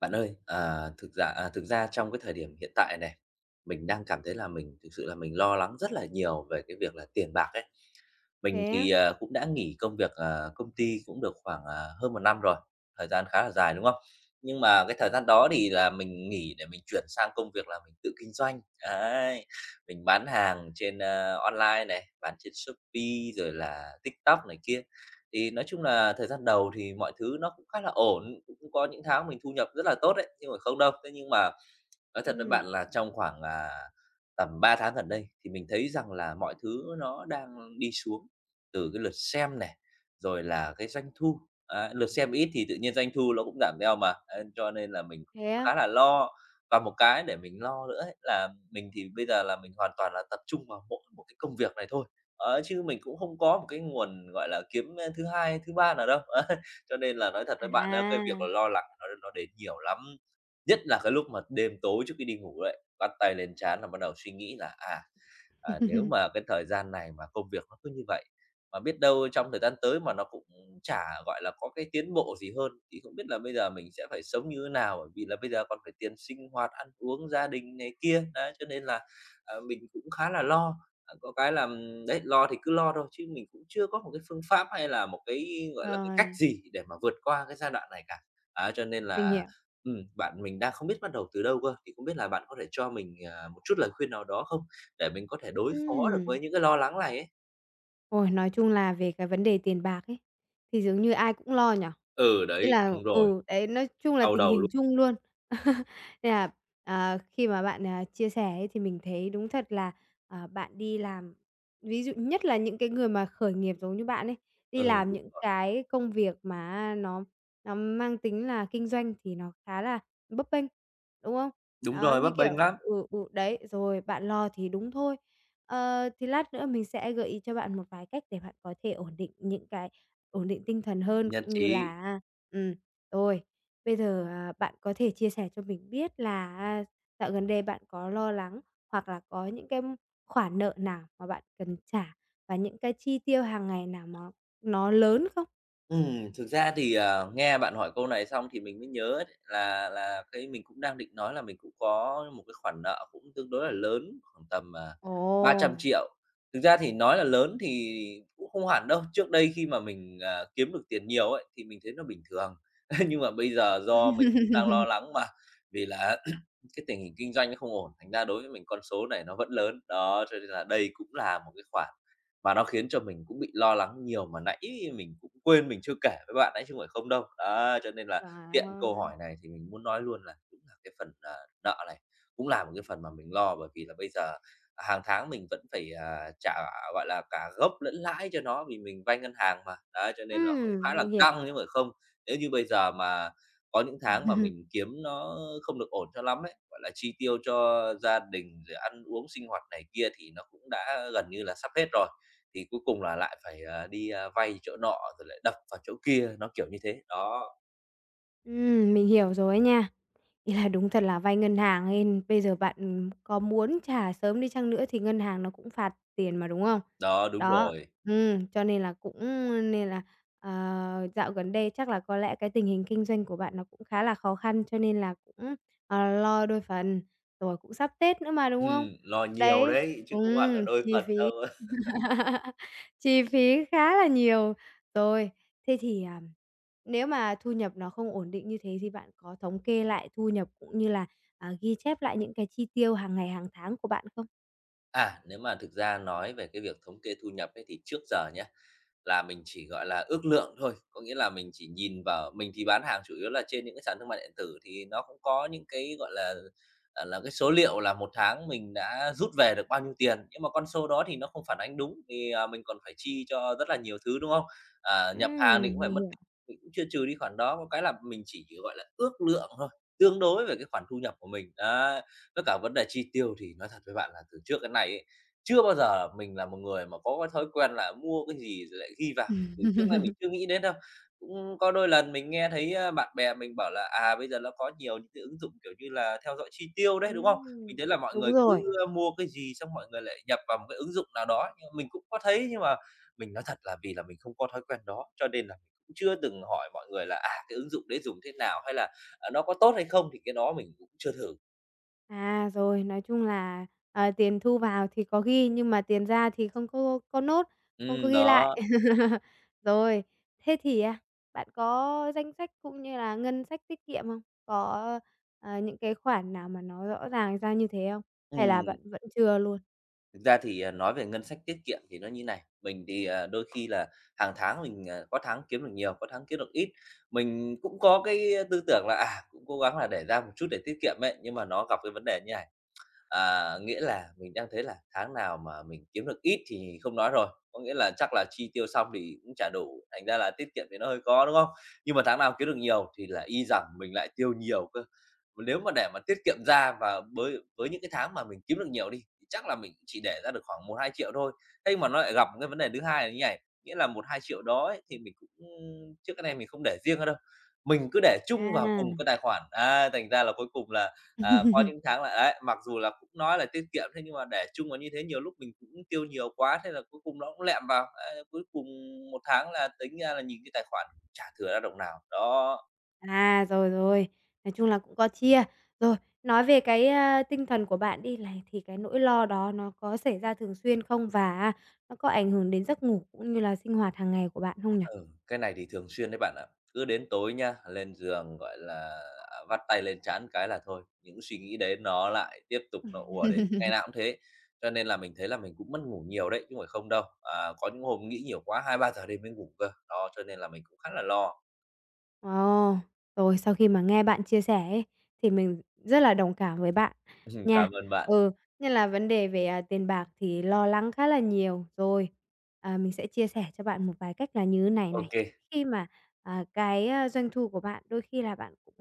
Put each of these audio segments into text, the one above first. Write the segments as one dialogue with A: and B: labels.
A: Bạn ơi, ờ, thực ra à, thực ra trong cái thời điểm hiện tại nè, mình đang cảm thấy là mình thực sự là mình lo lắng rất là nhiều về cái việc là tiền bạc ấy. Mình
B: Thế á?
A: thì, ờ, cũng đã nghỉ công việc, ờ, công ty cũng được khoảng, ờ, hơn 1 năm rồi, thời gian khá là dài, đúng không? Nhưng mà cái thời gian đó thì là mình nghỉ để mình chuyển sang công việc là mình tự kinh doanh, đấy. Mình bán hàng trên, a, online này, bán trên Shopee rồi là TikTok này kia. Thì nói chung là thời gian đầu thì mọi thứ nó cũng khá là ổn, cũng có những tháng mình thu nhập rất là tốt đấy, chứ không phải không đâu. Thế nhưng mà nói thật với
B: Ừm.
A: bạn là trong khoảng, à, tầm 3 tháng gần đây thì mình thấy rằng là mọi thứ nó đang đi xuống, từ cái lượt xem này, rồi là cái doanh thu ấy. Lượt xem ít thì tự nhiên doanh thu ló cũng giảm theo mà, ấy, cho nên là mình
B: Thế á?
A: khá là lo. Và một cái để mình lo lữa ấy là mình thì bây giờ là mình hoàn toàn là tập trung vào mỗi một cái công việc này thôi, ấy, chứ mình cũng không có một cái nguồn, gọi là, kiếm thứ 2, thứ 3 nào đâu, ấy. Cho nên là nói thật với bạn á, cái việc
B: À.
A: lo lắng nó nó đến nhiều lắm, nhất là cái lúc mà đêm tối trước khi đi ngủ ấy, bắt tay lên trán là bắt đầu suy nghĩ là, à, à, nếu mà cái thời gian này mà công việc nó cứ như vậy, mà biết đâu trong thời gian tới mà nó cũng chả gọi là có cái tiến bộ gì hơn thì không biết là bây giờ mình sẽ phải sống như thế nào. Bởi vì là bây giờ còn phải tiền sinh hoạt, ăn uống, gia đình này kia. Đấy, cho nên là, ờ, mình cũng khá là lo. Có cái là đấy, lo thì cứ lo thôi chứ mình cũng chưa có một cái phương pháp hay là một cái gọi là cái cách
B: Rồi.
A: gì để mà vượt qua cái giai đoạn này cả. À, cho nên
B: Mình
A: là
B: hiểu.
A: ừm, bạn mình đang không biết bắt đầu từ đâu cơ. Thì không biết là bạn có thể cho mình, à, một chút lời khuyên nào đó không để mình có thể đối phó được
B: Ừm.
A: với những cái lo lắng này ấy?
B: Ôi, nói chung là về cái vấn đề tiền bạc ấy, thì dường như ai cũng lo nhỉ,
A: Ừ,
B: ý
A: đấy,
B: là
A: đúng rồi.
B: ừ, đấy, nói chung là
A: Đau
B: tình
A: đầu lu
B: hình chung luôn. Nên là, ờ, khi mà bạn, ờ, chia sẻ ấy thì mình thấy đúng thật là, ờ, bạn đi làm, ví dụ nhất là những cái người mà khởi nghiệp giống như bạn ấy, đi
A: Ừ,
B: làm
A: đúng
B: những
A: rồi.
B: cái công việc mà á, nó nó mang tính là kinh doanh, thì nó khá là bấp bênh, đúng không?
A: Đúng
B: Đó,
A: rồi,
B: như
A: bấp bênh
B: kiểu
A: lắm.
B: ừ, ừ, đấy, rồi bạn lo thì đúng thôi. Ờ, thì lát nữa mình sẽ gợi ý cho bạn một vài cách để bạn có thể ổn định những cái ổn định tinh thần hơn
A: Nhất
B: cũng như
A: trí.
B: là á ừm, rồi, bây giờ, à, bạn có thể chia sẻ cho mình biết là, a, dạo gần đây bạn có lo lắng hoặc là có những cái khoản nợ nào mà bạn cần trả và những cái chi tiêu hàng ngày nào mà nó lớn không?
A: Ừm, thực ra thì, à, nghe bạn hỏi câu này xong thì mình mới nhớ ấy, là là cái mình cũng đang định nói là mình cũng có một cái khoản nợ cũng tương đối là lớn, khoảng tầm, à, ba trăm
B: Ồ!
A: triệu. Thực ra thì nói là lớn thì cũng không hẳn đâu, trước đây khi mà mình, à, kiếm được tiền nhiều ấy thì mình thấy nó bình thường. Nhưng mà bây giờ do mình cũng đang lo lắng mà vì là cái tình hình kinh doanh nó không ổn, thành ra đối với mình con số này nó vẫn lớn. Đó, cho nên là đây cũng là một cái khoản và nó khiến cho mình cũng bị lo lắng nhiều, mà nãy mình cũng quên mình chưa kể với bạn ấy chứ không phải không đâu. Đấy, cho nên là
B: Trời
A: tiện câu
B: ơi.
A: hỏi này thì mình muốn nói luôn là đúng là cái phần nợ này cũng là một cái phần mà mình lo, bởi vì là bây giờ hàng tháng mình vẫn phải, à, trả, gọi là, cả gốc lẫn lãi cho nó vì mình vay ngân hàng mà, đấy, cho nên là cũng
B: Ừm,
A: khá là
B: mình
A: căng
B: hiểu.
A: chứ không phải không. Nếu như bây giờ mà có những tháng mà mình kiếm nó không được ổn cho lắm ấy, gọi là, chi tiêu cho gia đình rồi ăn uống sinh hoạt này kia thì nó cũng đã gần như là sắp hết rồi, thì cuối cùng là lại phải, à, đi, a, vay chỗ nọ rồi lại đập vào chỗ kia, nó kiểu như thế. Đó.
B: Ừm, mình hiểu rồi ấy nha. Ý là đúng thật là vay ngân hàng hên bây giờ bạn, ừm, có muốn trả sớm đi chăng nữa thì ngân hàng nó cũng phạt tiền mà, đúng không?
A: Đó, đúng
B: Đó.
A: rồi.
B: Ừm, cho nên là cũng, ơ, nên là, ờ, dạo gần đây chắc là có lẽ cái tình hình kinh doanh của bạn nó cũng khá là khó khăn cho nên là cũng, ờ, lo đôi phần, rồi cũng sắp Tết nữa mà, đúng không?
A: Ừm, lo nhiều
B: Đấy
A: đấy chứ không hẳn là
B: ừm,
A: đôi
B: chi
A: phần đâu.
B: phí chi phí khá là nhiều, rồi, thế thì, ờ, nếu mà thu nhập nó không ổn định như thế thì bạn có thống kê lại thu nhập cũng như là, à, ghi chép lại những cái chi tiêu hàng ngày hàng tháng của bạn không?
A: À, nếu mà thực ra nói về cái việc thống kê thu nhập ấy thì trước giờ nhá, là mình chỉ, gọi là, ước lượng thôi. Có nghĩa là mình chỉ nhìn vào mình thì bán hàng chủ yếu là trên những cái sản thương mại điện tử thì nó cũng có những cái, gọi là, à, là, cái số liệu là một tháng mình đã rút về được bao nhiêu tiền. Nhưng mà con số đó thì nó không phản ánh đúng vì, à, mình còn phải chi cho rất là nhiều thứ, đúng không? À, nhập hàng
B: Ừm,
A: thì cũng phải
B: mình
A: mất
B: hiểu.
A: mình cũng chưa trừ đi cái khoản đó. Có cái là mình chỉ, gọi là, ước lượng thôi, tương đối về cái khoản thu nhập của mình, á. Tất cả vấn đề chi tiêu thì nói thật với bạn là từ trước đến nay ấy, chưa bao giờ mình là một người mà có cái thói quen là mua cái gì rồi lại ghi vào,
B: Ừm.
A: [unintelligible] trước nay mình chưa nghĩ đến đâu. Cũng có đôi lần mình nghe thấy, a, bạn bè mình bảo là, à, bây giờ ló có nhiều những cái ứng dụng, kiểu như là, theo dõi chi tiêu đấy, đúng không?
B: Ừm,
A: Mình thấy là mọi
B: đúng
A: người cứ,
B: rồi.
A: ơ, mua cái gì xong mọi người lại nhập vào một cái ứng dụng nào đó. Nhưng mà mình cũng có thấy nhưng mà mình nói thật là vì là mình không có thói quen đó, cho nên là mình cũng chưa từng hỏi mọi người là, à, cái ứng dụng đấy dùng thế nào hay là nó có tốt hay không thì cái đó mình cũng chưa thử.
B: À, rồi, nói chung là, ờ, tiền thu vào thì có ghi nhưng mà tiền ra thì không có có note, không có
A: Ừm,
B: ghi lại.
A: đó.
B: Rồi, thế thì, a, bạn có danh sách cũng như là ngân sách tiết kiệm không? Có, a, những cái khoản nào mà nó rõ ràng ra như thế không? Hay là
A: Ừm.
B: bạn vẫn chưa luôn?
A: Thực ra thì, ờ, nói về ngân sách tiết kiệm thì nó như thế này. Mình thì, à, đôi khi là hàng tháng mình, ờ, có tháng kiếm được nhiều, có tháng kiếm được ít. Mình cũng có cái tư tưởng là, à, cũng cố gắng là để ra một chút để tiết kiệm ấy, nhưng mà nó gặp cái vấn đề như này. À, nghĩa là mình đang thấy là tháng nào mà mình kiếm được ít thì không nói rồi. Có nghĩa là chắc là chi tiêu xong thì cũng chả đủ, thành ra là tiết kiệm thì nó hơi khó, đúng không? Nhưng mà tháng nào kiếm được nhiều thì là y rằng mình lại tiêu nhiều cơ. Nếu mà để mà tiết kiệm ra và bới với những cái tháng mà mình kiếm được nhiều đi thì chắc là mình chỉ để ra được khoảng 1.000.000, 2.000.000 thôi. Thế nhưng mà nó lại gặp cái vấn đề thứ hai là như này, nghĩa là 1.000.000, 2.000.000 đó ấy thì mình cũng trước đến nay mình không để riêng ra đâu. Mình cứ để chung vào cùng một
B: À.
A: cái tài khoản. À, thành ra là cuối cùng là, à, có những tháng là ấy, mặc dù là cũng nói là tiết kiệm thế nhưng mà để chung vào như thế nhiều lúc mình cũng tiêu nhiều quá, thế là cuối cùng nó cũng lẹm vào. Ấy, cuối cùng một tháng là tính ra là nhìn cái tài khoản chả thừa ra đồng nào. Đó.
B: À, rồi, rồi, nói chung là cũng có chia. Rồi, nói về cái, a, tinh thần của bạn đi này, thì cái nỗi lo đó nó có xảy ra thường xuyên không? Và á nó có ảnh hưởng đến giấc ngủ cũng như là sinh hoạt hàng ngày của bạn không nhỉ?
A: Ừ, cái này thì thường xuyên đấy bạn ạ. Cứ đến tối nhá, lên giường, gọi là, ờ, vắt tay lên trán cái là thôi, những suy nghĩ đấy nó lại tiếp tục
B: Ừm.
A: nó ùa đến, ngày nào cũng thế. Cho nên là mình thấy là mình cũng mất ngủ nhiều đấy, chứ không phải không đâu. À, có những hôm nghĩ nhiều quá, 2-3 giờ đêm mới ngủ cơ. Đó, cho nên là mình cũng khá là lo.
B: Ồ, rồi sau khi mà nghe bạn chia sẻ ấy, thì mình rất là đồng cảm với bạn nha.
A: Cảm ơn bạn.
B: Ừ, nhất là vấn đề về, à, tiền bạc thì lo lắng khá là nhiều rồi. Ờ, mình sẽ chia sẻ cho bạn một vài cách là như thế này
A: Ô
B: này.
A: kê.
B: Khi mà, à, cái doanh thu của bạn, đôi khi là bạn cũng,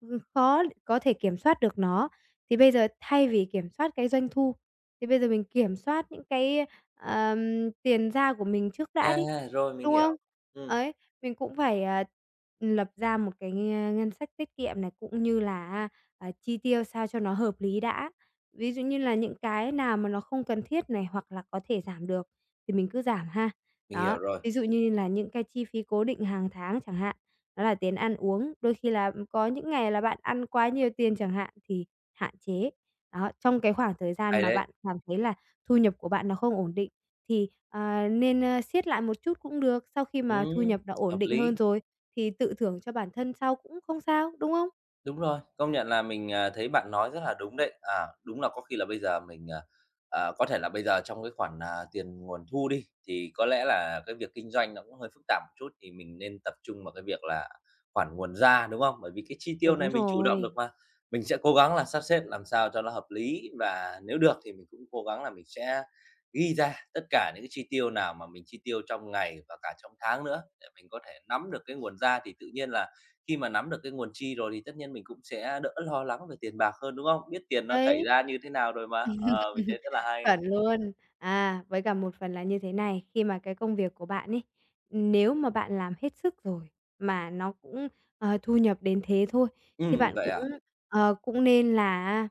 B: ừm, khó có thể kiểm soát được nó, thì bây giờ thay vì kiểm soát cái doanh thu, thì bây giờ mình kiểm soát những cái, ờm, tiền ra của mình trước đã
A: À,
B: đi,
A: rồi, mình
B: đúng không?
A: hiểu, ừm.
B: Ấy, mình cũng phải, ờ, ừm, lập ra một cái ngân sách tiết kiệm này, cũng như là á, à, chi tiêu sao cho nó hợp lý đã. Ví dụ như là những cái nào mà nó không cần thiết này hoặc là có thể giảm được thì mình cứ giảm ha.
A: Mình
B: Đó,
A: hiểu rồi.
B: ví dụ như là những cái chi phí cố định hàng tháng chẳng hạn, đó là tiền ăn uống, đôi khi là có những ngày là bạn ăn quá nhiều tiền chẳng hạn thì hạn chế. Đó, trong cái khoảng thời gian
A: Hay
B: mà
A: đấy!
B: bạn cảm thấy là thu nhập của bạn nó không ổn định thì, ờ, nên, ơ, siết lại một chút cũng được, sau khi mà thu
A: Ừm,
B: nhập nó ổn
A: hợp
B: định
A: lý.
B: hơn rồi thì tự thưởng cho bản thân sau cũng không sao, đúng không?
A: Đúng rồi, công nhận là mình, à, thấy bạn nói rất là đúng đấy. À, đúng là có khi là bây giờ mình, à, có thể là bây giờ trong cái khoản tiền, à, nguồn thu đi thì có lẽ là cái việc kinh doanh nó cũng hơi phức tạp một chút thì mình nên tập trung vào cái việc là khoản nguồn ra, đúng không? Bởi vì cái chi tiêu
B: Đúng
A: này mình chủ động được
B: rồi.
A: mà. Mình sẽ cố gắng là sắp xếp làm sao cho nó hợp lý và nếu được thì mình cũng cố gắng là mình sẽ ghi ra tất cả những cái chi tiêu nào mà mình chi tiêu trong ngày và cả trong tháng nữa để mình có thể nắm được cái nguồn ra. Thì tự nhiên là khi mà nắm được cái nguồn chi rồi thì tất nhiên mình cũng sẽ đỡ lo lắng về tiền bạc hơn, đúng không? Biết tiền nó chảy
B: Đấy.
A: ra như thế nào rồi mà. Ờ, mình thấy rất là hay.
B: Chuẩn luôn. À, với cả một phần là như thế này, khi mà cái công việc của bạn ấy, nếu mà bạn làm hết sức rồi mà nó cũng, ờ, thu nhập đến thế thôi thì
A: Ừm,
B: bạn
A: vậy
B: cũng,
A: à?
B: ờ, cũng nên là á,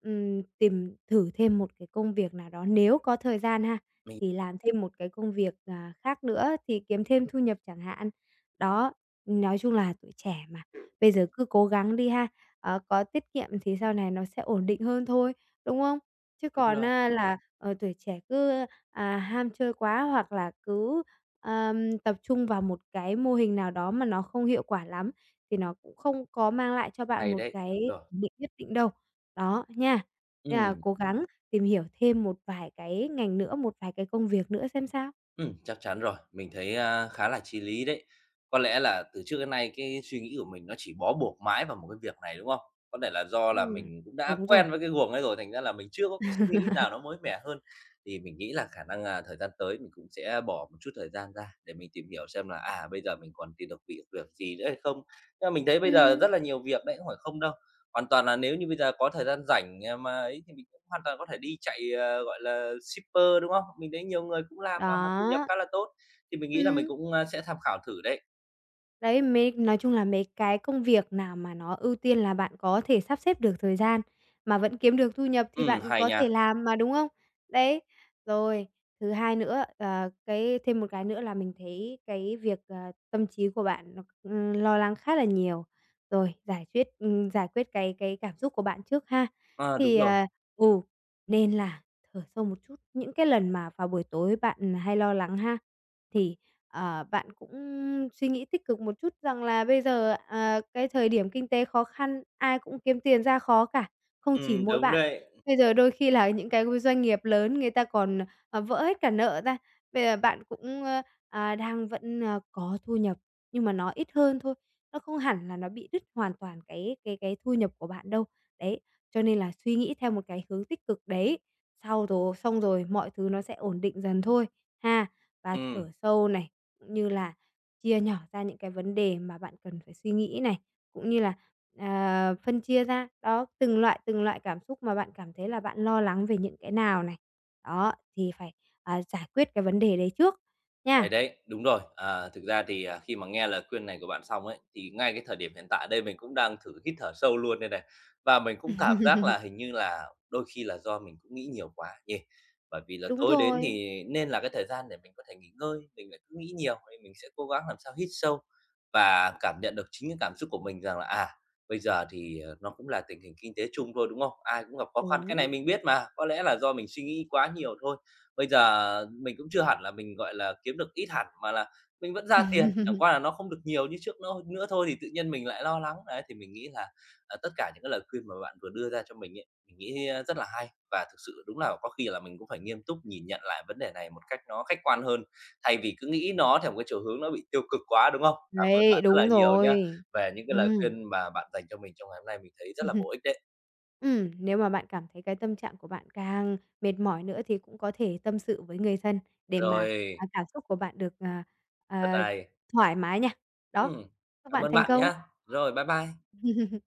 B: ừm, tìm thử thêm một cái công việc nào đó. Nếu có thời gian ha,
A: Mình
B: thì làm thêm một cái công việc, à, khác nữa thì kiếm thêm thu nhập chẳng hạn. Đó, nói chung là tuổi trẻ mà,
A: [unintelligible]
B: bây giờ cứ cố gắng đi ha. Ờ, có tiết kiệm thì sau này nó sẽ ổn định hơn thôi, đúng không? Chứ
A: Đúng
B: còn
A: rồi.
B: á là, ờ, tuổi trẻ cứ, à, ham chơi quá hoặc là cứ, ờ, tập trung vào một cái mô hình nào đó mà nó không hiệu quả lắm thì nó cũng không có mang lại cho bạn
A: Hay
B: một
A: đấy,
B: cái
A: đúng rồi.
B: ổn định nhất định đâu, đó, nha. Nên là
A: Ừm.
B: cố gắng tìm hiểu thêm một vài cái ngành nữa, một vài cái công việc nữa xem sao.
A: Ừm, chắc chắn rồi. Mình thấy, a, khá là chí lý đấy. Có lẽ là từ trước đến nay cái suy nghĩ của mình nó chỉ bó buộc mãi vào một cái việc này, đúng không? Có thể là do là
B: Ừm,
A: mình cũng đã
B: đúng rồi.
A: quen với cái guồng ấy rồi, thành ra là mình chưa có cái suy nghĩ nào nó mới mẻ hơn. Thì mình nghĩ là khả năng, à, thời gian tới mình cũng sẽ bỏ một chút thời gian ra để mình tìm hiểu xem là, à, bây giờ mình còn tìm được việc việc gì nữa hay không. Nhưng mà mình thấy bây giờ
B: Ừm.
A: rất là nhiều việc đấy, không phải không đâu. Hoàn toàn là nếu như bây giờ có thời gian rảnh, à, mà ấy thì mình hoàn toàn có thể đi chạy, ờ, gọi là shipper, đúng không? Mình thấy nhiều người cũng làm mà mà thu nhập
B: Đó.
A: khá là tốt thì mình nghĩ là mình
B: Ừm.
A: cũng, ơ, sẽ tham khảo thử đấy.
B: Đấy, mấy nói chung là mấy cái công việc nào mà nó ưu tiên là bạn có thể sắp xếp được thời gian mà vẫn kiếm được thu nhập, thì
A: Ừm,
B: bạn
A: hay
B: có
A: nha.
B: thể làm mà đúng không? Đấy, rồi, thứ hai nữa, ờ, cái thêm một cái nữa là mình thấy cái việc, ờ, tâm trí của bạn nó, ờ, lo lắng khá là nhiều, rồi, giải quyết, ừm, giải quyết, cái cái cảm xúc của bạn trước ha.
A: À, đúng
B: Thì
A: rồi.
B: à, ừ, nên là thở sâu một chút, những cái lần mà vào buổi tối bạn, à, hay lo lắng ha, thì, ờ, bạn cũng suy nghĩ tích cực một chút rằng là bây giờ, ờ, cái thời điểm kinh tế khó khăn, ai cũng kiếm tiền ra khó cả, không chỉ
A: Ừm,
B: mỗi
A: đúng
B: bạn,
A: đấy.
B: bây giờ đôi khi là những cái, ờ, doanh nghiệp lớn người ta còn, ờ, ờ, vỡ hết cả nợ ra. Bây giờ bạn cũng, a, à, đang vẫn, ờ, có thu nhập nhưng mà nó ít hơn thôi, nó không hẳn là nó bị đứt hoàn toàn cái cái cái thu nhập của bạn đâu, đấy, cho nên là suy nghĩ theo một cái hướng tích cực đấy. Sau rồi xong rồi mọi thứ nó sẽ ổn định dần thôi, ha. Và
A: Ừm.
B: thở sâu này, cũng như là chia nhỏ ra những cái vấn đề mà bạn cần phải suy nghĩ này, cũng như là, ờ, phân chia ra, đó, từng loại, từng loại cảm xúc mà bạn cảm thấy là bạn lo lắng về những cái nào này. Đó, thì phải, ờ, giải quyết cái vấn đề đấy trước,
A: Hay
B: nha.
A: đấy, đúng rồi. Ờ, thực ra thì, à, khi mà nghe lời khuyên này của bạn xong ấy, thì ngay cái thời điểm hiện tại đây mình cũng đang thử hít thở sâu luôn đây này. Và mình cũng cảm giác là hình như là đôi khi là do mình cũng nghĩ nhiều quá nhỉ. Bởi vì là
B: Đúng
A: tối đến
B: rồi.
A: thì nên là cái thời gian để mình có thể nghỉ ngơi mình lại cứ nghĩ nhiều, nên mình sẽ cố gắng làm sao hít sâu, và cảm nhận được chính cái cảm xúc của mình rằng là, à, bây giờ thì, ờ, nó cũng là tình hình kinh tế chung thôi, đúng không? Ai cũng gặp khó khăn. Cái này
B: Đúng.
A: mình biết mà, có lẽ là do mình suy nghĩ quá nhiều thôi. Bây giờ mình cũng chưa hẳn là mình, gọi là, kiếm được ít hẳn, mà là mình vẫn ra tiền, chẳng qua là nó không được nhiều như trước, nó hơn nửa thôi, thì tự nhiên mình lại lo lắng. Đấy, thì mình nghĩ là, ờ, tất cả những cái lời khuyên mà bạn vừa đưa ra cho mình ấy, mình nghĩ, ơ, rất là hay. Và thực sự đúng là có khi là mình cũng phải nghiêm túc nhìn nhận lại vấn đề này một cách nó khách quan hơn, thay vì cứ nghĩ nó theo một cái chiều hướng nó bị tiêu cực quá, đúng không? Cảm ơn
B: Đấy,
A: bạn rất là
B: đúng
A: nhiều nhá,
B: rồi.
A: về những cái lời
B: Ừm.
A: khuyên mà bạn dành cho mình trong ngày hôm nay, mình thấy rất là bổ ích đấy.
B: Ừm, nếu mà bạn cảm thấy cái tâm trạng của bạn càng mệt mỏi nữa thì cũng có thể tâm sự với người thân để mà,
A: Rồi.
B: ờ, cảm xúc của bạn được, ờ, ờ,
A: Rất hay.
B: thoải mái nha. Đó,
A: Ừm,
B: chúc
A: cảm
B: bạn
A: ơn
B: thành
A: bạn
B: công.
A: nhá. Rồi, bye bye.